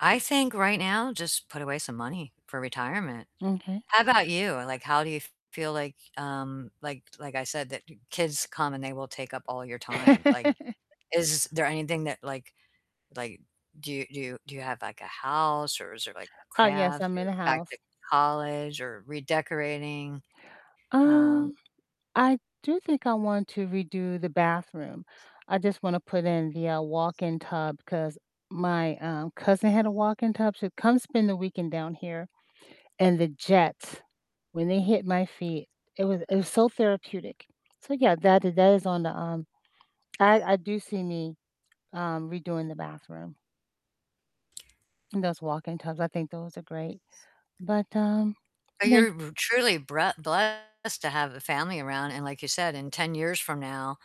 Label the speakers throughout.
Speaker 1: I think right now just put away some money for retirement.
Speaker 2: M'kay.
Speaker 1: How about you? Like, how do you feel like, um, like like I said, that kids come and they will take up all your time, like, is there anything that like like do do do you have like a house or is there like
Speaker 2: Uh, yes,
Speaker 1: crafts
Speaker 2: I'm in a
Speaker 1: or back to
Speaker 2: house.
Speaker 1: college or redecorating? Um
Speaker 2: Um, I do think I want to redo the bathroom, I just wanna put in the, uh, walk-in tub 'cause my, um, cousin had a walk-in tub, she would come spend the weekend down here, and the jets, when they hit my feet, it was it was so therapeutic, so yeah, that that is on the, um I I do see me, um, redoing the bathroom and those walk-in tubs, I think those are great, but, um, like
Speaker 1: You're b truly bre blessed to have a family around, and like you said, in 10 years from now,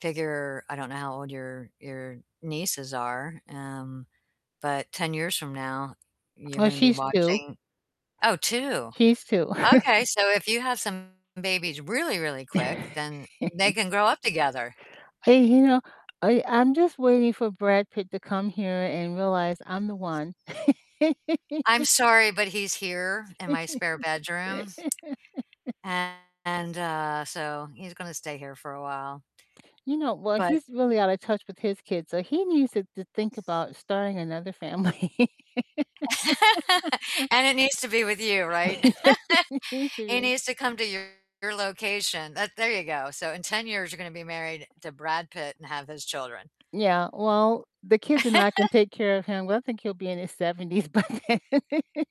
Speaker 1: figure I don't know how old your your nieces are, um, but 10 years from now you're
Speaker 2: Oh,
Speaker 1: gonna be
Speaker 2: she's 2.
Speaker 1: watching Oh, 2,
Speaker 2: He's 2.
Speaker 1: okay, so if you have some babies really, really quick, then they can grow up together.
Speaker 2: Hey, you know, I I'm just waiting for Brad Pitt to come here and realize I'm the one.
Speaker 1: I'm sorry, but he's here in my spare bedroom and, uh, so he's gonna stay here for a while.
Speaker 2: You know, well,
Speaker 1: But
Speaker 2: he's really out of touch with his kids, so he needs to to think about starting another family.
Speaker 1: And it needs to be with you, right?
Speaker 2: He's
Speaker 1: He
Speaker 2: really
Speaker 1: needs to come to your location. That there you go, so in 10 years you're gonna be married to Brad Pitt and have his children.
Speaker 2: Yeah, well, the kids and I can take care of him, well, I think he'll be in his 70s by then.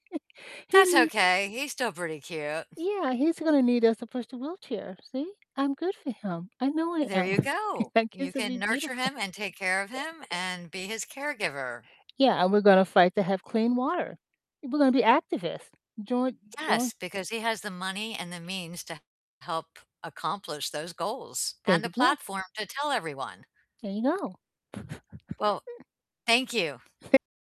Speaker 2: He
Speaker 1: That's
Speaker 2: need
Speaker 1: okay, he's still pretty cute.
Speaker 2: Yeah, he's gonna need us to push the wheelchair. See? I'm good for him, I know I
Speaker 1: There
Speaker 2: am,
Speaker 1: you go.
Speaker 2: our
Speaker 1: You
Speaker 2: kids will
Speaker 1: can
Speaker 2: be
Speaker 1: nurture
Speaker 2: beautiful.
Speaker 1: him and take care of him and be his caregiver.
Speaker 2: Yeah, and we're gonna fight to have clean water, we're gonna be activists, join join
Speaker 1: Yes, because he has the money and the means to help accomplish those goals,
Speaker 2: There
Speaker 1: and the
Speaker 2: you go.
Speaker 1: platform to tell everyone.
Speaker 2: There you go.
Speaker 1: Well, thank you.
Speaker 2: Tha